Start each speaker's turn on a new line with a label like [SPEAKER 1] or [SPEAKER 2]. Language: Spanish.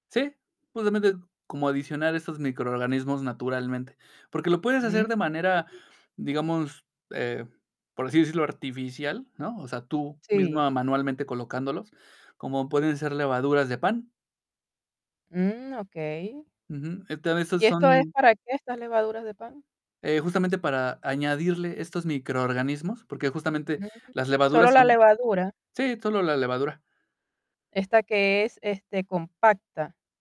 [SPEAKER 1] Sí, justamente, como adicionar esos microorganismos naturalmente, porque lo puedes hacer de manera,
[SPEAKER 2] Ujú.
[SPEAKER 1] digamos, eh, por así decirlo, artificial, ¿no? O sea, tú
[SPEAKER 2] Sí.
[SPEAKER 1] misma, manualmente, colocándolos, como pueden ser levaduras de pan.
[SPEAKER 2] Mm, okey.
[SPEAKER 1] Ujú. Este, a veces
[SPEAKER 2] ¿Y esto es
[SPEAKER 1] son
[SPEAKER 2] para qué, estas levaduras de pan?
[SPEAKER 1] eh, justamente para añadirle estos microorganismos, porque, justamente,
[SPEAKER 2] Mm,
[SPEAKER 1] las
[SPEAKER 2] ¿solo
[SPEAKER 1] levaduras
[SPEAKER 2] la
[SPEAKER 1] son
[SPEAKER 2] levadura?
[SPEAKER 1] sí, solo la levadura.
[SPEAKER 2] Esta que es, este, compacta.